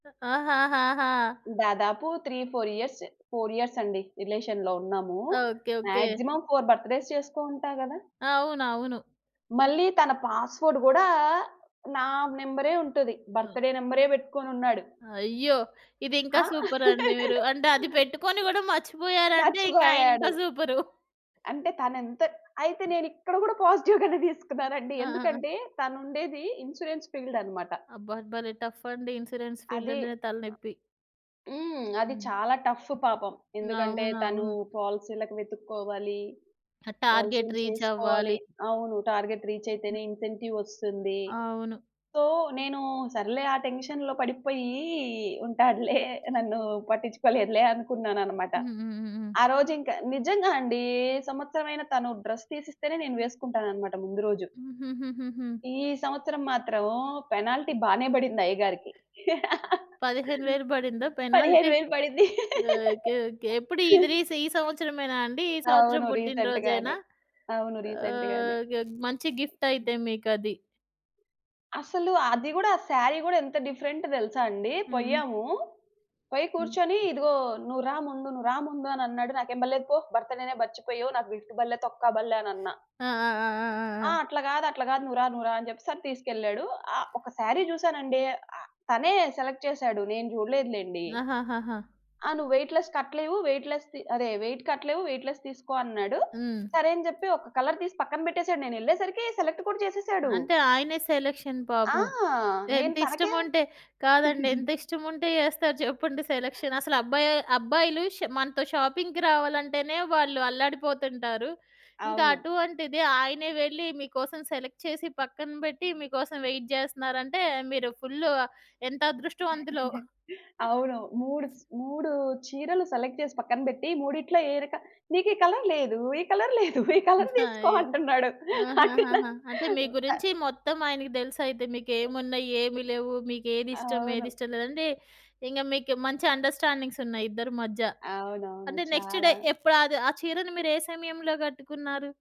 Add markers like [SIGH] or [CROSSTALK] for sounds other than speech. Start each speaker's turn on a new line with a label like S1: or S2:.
S1: ఆహాహాహా!
S2: దాదాపు 3, 4 years, 4 years అండి రిలేషన్‌లో ఉన్నాము.
S1: Okay. Okay.
S2: Maximum 4 birthdays చేసుకొని ఉంటా గదా!
S1: అవునవును.
S2: మళ్ళి తన పాస్‌వర్డ్ గూడా నా నెంబరే ఉంటది
S1: హ్మ్.
S2: బర్త్ డే నెంబరే బెట్టుకొనున్నాడు.
S1: అయ్యో! ఇది ఇంకా
S2: ఆ!
S1: సూపర్ అండి మీరు.
S2: [LAUGHS]
S1: అంటే అది పెట్టుకొని గూడా మర్చిపోయారంటే ఇంగ ఆయన
S2: మర్చిపోయాడు.
S1: ఇంకా సూపరు.
S2: అంటే తనెంత అయితే నేనిక్కడ గూడా పాజిటివ్ గానే దీసుకున్నానండి.
S1: ఆ!
S2: ఎందుకంటే తను ఉండేది ఇన్స్యూరెన్స్ ఫీల్డ్ అన్నమాట.
S1: అబ్బా! భలే టఫ్ అండి. ఇన్స్‌రెన్స్ ఫీల్డ్
S2: అది
S1: అంటేనే తలనొప్పి.
S2: హ్మ్. అది
S1: హ్మ్.
S2: చాలా టఫ్ పాపం ఎందుకంటే తను
S1: అవునవును.
S2: పాలిసీలకి వెతుక్కోవాలి
S1: ఆ టార్గెట్
S2: పాలిసీ‌లు
S1: రీచ్
S2: చేసుకోవాలి.
S1: అవ్వాలి.
S2: అవును. టార్గెట్ రీచ్ అయితేనే ఇన్సెంటివ్ ఒస్తుంది.
S1: అవును.
S2: సో, నేను సర్లే ఆ టెన్షన్‌లో పడిపోయి ఉంటాడులే నన్ను పట్టించుకోలేదులే అనుకున్నానన్నమాట.
S1: హుహుహుహు.
S2: ఆరోజు ఇంకా నిజంగా అండి ఏ సంవత్సరం అయినా తను డ్రెస్ తీసేస్తేనే నేను వేసుకుంటానన్నమాట ముందు రోజు.
S1: హుహుహుహుహు.
S2: ఈ సంవత్సరం మాత్రం పెనాల్టీ బానే బడింది అయ్య గారికి. [LAUGHS]
S1: 15000 బడిందా
S2: పదిహేను
S1: పెనాల్టీ?
S2: వేలు పడింది.
S1: ఓకే.
S2: [LAUGHS]
S1: ఓకే. ఎప్పుడు ఇది రీస్ ఈ సంవత్సరమేనా అండి ఈ సంవత్సరం
S2: అవును.
S1: పుట్టిన
S2: రీసెంట్‌గానే.
S1: రోజేనా?
S2: గానే. అవును. రీసెంట్‌గానే.
S1: ఓకే. మంచి గిఫ్ట్ అయితే మీకది.
S2: అసలు అది గూడా సారీ గూడా ఎంత డిఫరెంట్ దెలుసా అండి.
S1: హ్మ్.
S2: పోయాము పోయి
S1: హ్మ్.
S2: కూర్చొని ఇదిగో నువ్వు రా ముందు, నువ్వు రా ముందు అని అన్నాడు నాకేం బలే కొ భర్త్ డేనే మర్చిపోయావు నాకు గిఫ్ట్ బల్లే తొక్కా బల్లె అనన్నా.
S1: ఆ! ఆ! ఆ! ఆ! ఆ!
S2: ఆ!
S1: ఆ!
S2: అట్లా గాదు అట్లా గాదు. నువ్వు రా నువ్వు రా అని జెప్పెసని తీసుకెళ్ళాడు. ఆహ్, ఒక సారీ జూసానండి ఆహ్, తనే సెలెక్ట్ చేసాడు. నేను జూడలేదు లెండి.
S1: ఆహాహాహా!
S2: ఆ! నువ్వు వెయిట్ లెస్ కట్టలేవు. వెయిట్ లెస్‌ ది అదే వెయిట్ కట్టలేవు వెయిట్ లెస్ తీసుకో అన్నాడు.
S1: హ్మ్.
S2: సరే అని జెప్పి ఒక కలర్ తీసి పక్కన బెట్టేసాడు నేనెళ్ళేసరికి సెలెక్ట్ కూడా చేసేసాడు.
S1: అంటే ఆయనే సెలక్షన్
S2: ఆ!
S1: పాపం.
S2: నేను
S1: ఎంత
S2: తనకే
S1: ఇష్టముంటే కాదండి ఎంత ఇష్టముంటే
S2: [CHUCKLES]
S1: జేస్తారు చెప్పండి సెలక్షన్. అసలు అబ్బాయి అబ్బాయిలు ష్ మనతో షాపింగ్‌కి రావాలంటేనే వాళ్ళు అల్లాడిపోతుంటారు. ఇంకా
S2: అవును.
S1: అటువంటిది ఆయనే వెళ్లి మీకోసం సెలెక్ట్ చేసి పక్కన బెట్టి మీకోసం వెయిట్ జేస్తున్నారంటే మీరు ఫుల్ ఎంత అదృష్టవంతులో.
S2: [CHUCKLES] అవును. మూడు 3 చీరలు సెలెక్ట్ చేసి పక్కన బెట్టి మూడిట్లో ఏది క నీకీ కలర్ లేదు ఈ కలర్ లేదు ఈ కలర్ తీసుకో
S1: అయో!
S2: అంటున్నాడు. అంటే నా
S1: ఆహాహాహా! అంటే మీ
S2: ప
S1: గురించి మొత్తం ఆయనకు దెలుసయితే మీకు ఏమున్నాయి ఏమి లేవు మీకేదిస్తాం ఏది
S2: అవును.
S1: ఇష్టం లేదంటే ఇంక మీకు మంచి అండస్టాండింగ్స్ ఉన్నాయి ఇద్దరి మధ్య.
S2: అవునవును.
S1: అంటే నెక్స్ట్ డే
S2: చాలా.
S1: ఎప్పుడ అది ఆ చీరను మీరు ఏ సమయంలో గట్టుకున్నారు?